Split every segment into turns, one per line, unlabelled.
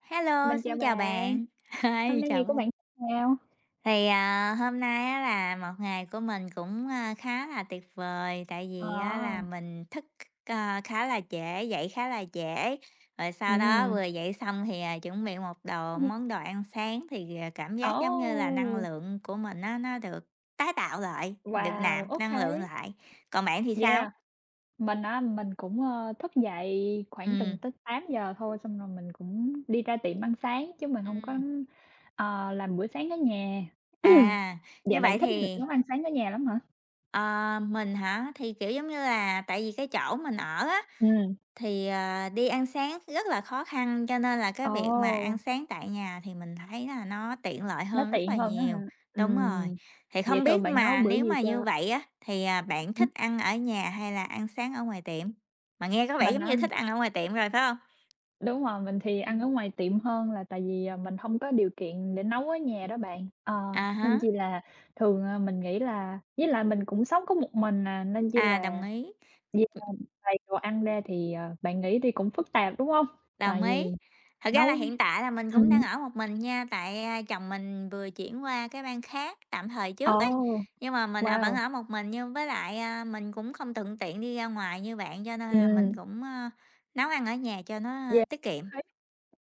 Hello,
Mình chào
xin chào
bạn,
bạn.
hôm
Hi,
nay ngày
chào
của
bạn.
bạn nào?
Thì, à, hôm nay á là một ngày của mình cũng, ơ, khá là tuyệt vời, tại vì á là
À.
mình thức c ơ, khá là trễ, dậy khá là trễ, rồi sau đó
Ừm.
vừa dậy xong thì, à, chuẩn bị một đồ món đồ ăn sáng thì, ờ, cảm giác giống như là năng
Ô.
lượng của mình nó nó được tái tạo lại, được nạp
Wow!
năng lượng
OK.
lại. Còn bạn thì sao?
Yeah, mình á mình cũng, ơ, thức dậy khoảng từng
Ừm.
tới 8:00 thôi, xong rồi mình cũng đi ra tiệm ăn sáng chứ mình hông có,
Ừm.
ờ, làm bữa sáng ở nhà.
À,
Vậy
như
bạn
vậy
thích việc
thì
nấu ăn sáng ở nhà lắm hả?
Ờ, mình hả? Thì, kiểu, giống như là, tại vì cái chỗ mình ở á,
Ừm.
thì, ờ, đi ăn sáng rất là khó khăn, cho nên là cái việc mà ăn
Ồ.
sáng tại nhà thì mình thấy là nó tiện lợi
Nó
hơn rất là
tiện hơn á hả?
nhiều. Đúng rồi.
Ừm,
Thì
vậy
không
thường
biết
bạn nấu
mà
bữa
nếu
gì
mà như
cho
vậy á, thì, à, bạn
Ừm.
thích ăn ở nhà hay là ăn sáng ở ngoài tiệm? Mà nghe có vẻ
Mình
giống như
nắm
thích ăn ở ngoài tiệm rồi, phải hông?
Đúng rồi. Mình thì ăn ở
Ừm.
ngoài tiệm hơn là tại vì, ờ, mình hông có điều kiện để nấu ở nhà đó bạn. Ờ,
À
nên
há.
chi là thường, ờ, mình nghĩ là với lại mình cũng sống có một mình à, nên chi
À, đồng
là
ý.
đi [unintelligible] ngoài đồ ăn ra thì, ờ, bạn nghĩ đi cũng phức tạp, đúng hông?
Đồng
Tại
ý.
vì
Thật ra
nấu
là
ừm
hiện tại là mình cũng đang
hứm.
ở một mình nha, tại, ơ, chồng mình vừa chuyển qua cái bang khác tạm thời trước ấy,
Ồ,
nhưng mà mình, ờ, vẫn
wow!
ở một mình nhưng với lại, a, mình cũng không thuận tiện đi ra ngoài như bạn cho nên là mình
Ừm.
cũng, ơ, nấu ăn ở nhà cho nó, ơ,
Yeah,
tiết
ô
kiệm.
kê.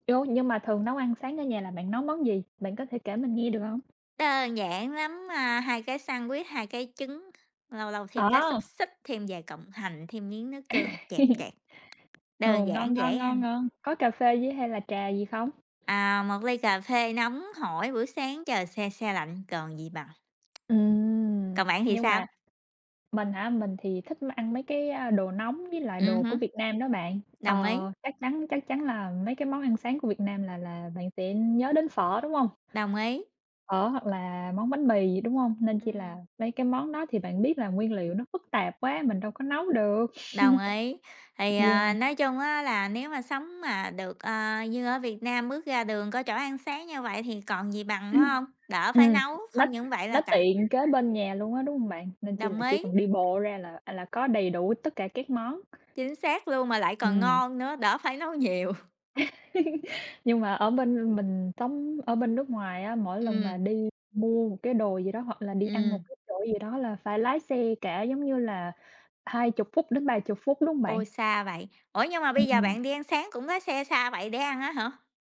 Dô, nhưng mà thường nấu ăn sáng ở nhà là bạn nấu món gì? Bạn có thể kể mình nghe được hông?
Đơn giản lắm, a, 2 cái sandwich, 2 cái trứng, lâu lâu thêm cái xúc
À!
xích, thêm vài cọng hành, thêm miếng nước tương, chẹp chẹp.
Ồ,
Đơn
ngon,
giản, dễ
ngon, ngon,
ăn.
ngon. Có cà phê với hay là trà gì không?
À, một ly cà phê nóng hổi bữa sáng trời se se lạnh, còn gì bằng.
Ừm.
Còn bạn thì
Nhưng
sao?
mà mình hả? Mình thì thích mà ăn mấy cái đồ nóng với lại
Ừm
đồ của
hứm.
Việt Nam đó bạn.
Đồng ý.
Ờ, chắc chắn chắc chắn là mấy cái món ăn sáng của Việt Nam là là bạn sẽ nhớ đến phở, đúng hông?
Đồng ý.
Phở hoặc là món bánh mì gì, đúng hông? Nên chi là
Ừm.
mấy cái món đó thì bạn biết là nguyên liệu nó phức tạp quá, mình đâu có nấu được.
Đồng ý, thì,
Yeah.
ờ, nói chung á là nếu mà sống mà được, ờ, như ở Việt Nam bước ra đường có chỗ ăn sáng như vậy thì còn gì bằng,
Ừm,
phải hông? Đỡ phải
ừm,
nấu,
nó
không những vậy là
nó
cậy
tiện kế bên nhà luôn á, đúng hông bạn? Nên chi
Đồng
là chỉ
ý.
cần đi bộ ra là là có đầy đủ tất cả các món.
Chính xác luôn mà lại còn
Ừm.
ngon nữa, đỡ phải nấu nhiều.
Nhưng mà ở bên, ưm mình sống ở bên nước ngoài á, mỗi lần mà
Ừm.
đi mua một cái đồ gì đó hoặc là đi ăn một
Ừm.
cái chỗ gì đó là phải lái xe cả, giống như là, 20-30 phút, đúng hông bạn?
Ôi, xa vậy. Ủa, nhưng mà bây giờ
Ừm.
bạn đi ăn sáng cũng có xe xa vậy để ăn á hả?